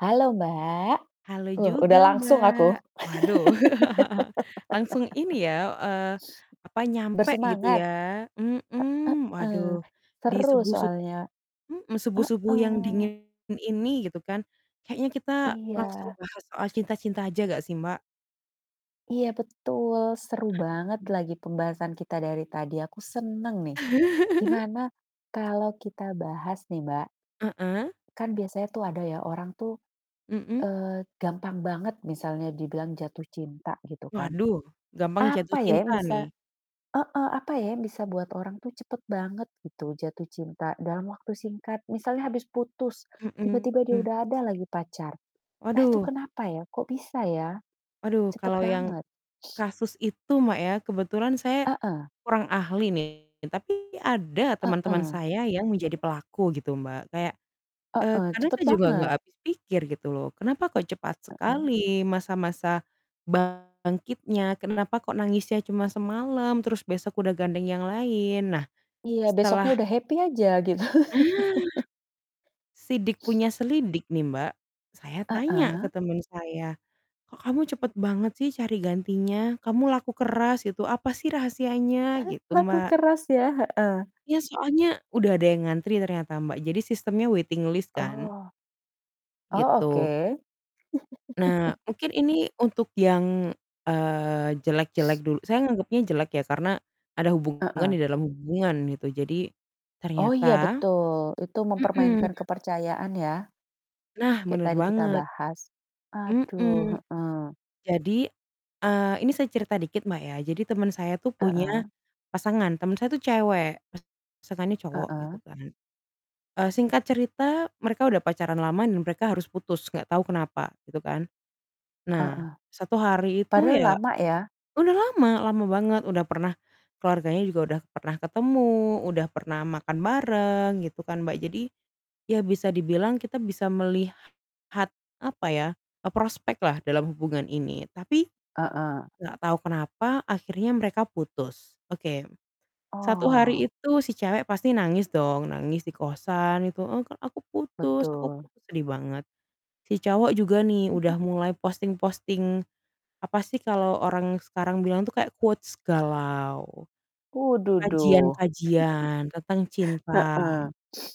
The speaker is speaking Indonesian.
Halo, Mbak! Halo Loh, udah juga, langsung aku. Mbak! Waduh, langsung ini ya, eee, apa, nyampe gitu, Bersemangat! ya. Mhm, E heeh. waduh di seru subuh-sub soalnya. mhm, subuh-subuh yang Heeh. dingin ini gitu, kan, kayaknya kita langsung Iya. bahas soal cinta-cinta aja enggak sih, Mbak? Iya, betul. Seru banget lagi pembahasan kita dari tadi, aku senang, nih. Gimana kalau kita bahas nih, Mbak Heeh. kan biasanya tuh ada ya orang tuh, Mhm. eee, gampang banget misalnya dibilang jatuh cinta, gitu, kan. Waduh, gampang jatuh Apa, ya, yang cinta, nih. bisa heeh, apa, ya, yang bisa buat orang tuh cepat banget gitu jatuh cinta dalam waktu singkat? Misalnya habis putus, tiba-tiba dia Mhm. udah ada lagi pacar. Nah, itu Waduh. kenapa ya? Kok, bisa, ya, Waduh, cepat kalau yang banget? kasus itu, Mbak, ya kebetulan saya Heeh. kurang ahli, nih, tapi ada teman-teman Heeh. saya yang menjadi pelaku gitu, Mbak. Kayak, eee, Heeh, kadang cepat saya juga enggak banget. habis pikir gitu loh. Kenapa kok cepat Heeh. sekali masa-masa bangkitnya, kenapa kok nangisnya cuma semalam, terus besok udah gandeng yang lain. Nah, Iya, besoknya setelah udah happy aja gitu. Ah! Sidik punya selidik, nih, Mbak, saya tanya ke Heeh. teman saya, "Kok, kamu cepat banget sih cari gantinya? Kamu laku keras gitu, apa sih rahasianya?" Gitu, Laku Mbak. keras, ya? Heeh. Ya, soalnya udah ada yang ngantri ternyata, Mbak, jadi sistemnya waiting list, kan. Oh. Oh, Gitu. oke. Nah, mungkin ini untuk yang, eee, jelek-jelek dul saya nganggepnya jelek, ya, karena ada hubungan Heeh. di dalam hubungan, gitu. Jadi, Oh, ternyata iya, betul. Itu mhm. mempermainkan kepercayaan, ya. Nah, Kayak benar tadi kita banget. bahas. Aduh, Mhm. heeh. Jadi, eee, ini saya cerita dikit, Mbak, ya. Jadi temen saya tuh punya Heeh. pasangan. Temen saya tuh cewek, pasangannya cowok, gitu, Heeh. kan. Eee, singkat cerita mereka udah pacaran lama dan mereka harus putus, enggak tahu kenapa, gitu, kan. Nah, Heeh. satu hari itu Padahal ya lama, ya? udah lama, lama banget, udah pernah keluarganya juga udah pernah ketemu, udah pernah makan bareng gitu kan, Mbak. Jadi, ya, bisa dibilang kita bisa melihat apa ya, e prospeklah dalam hubungan ini, tapi Heeh. enggak tahu kenapa akhirnya mereka putus. Oke. Satu Oh. hari itu si cewek pasti nangis dong, nangis di kosan gitu, “Eee, Kak, aku putus aku Betul. putus." Sedih banget. Si cowok juga nih Mhm. udah mulai posting-posting, apa sih, kalau orang sekarang bilang tuh kayak quotes galau, Uh, duh duh. kajian-kajian tentang Heeh. cinta.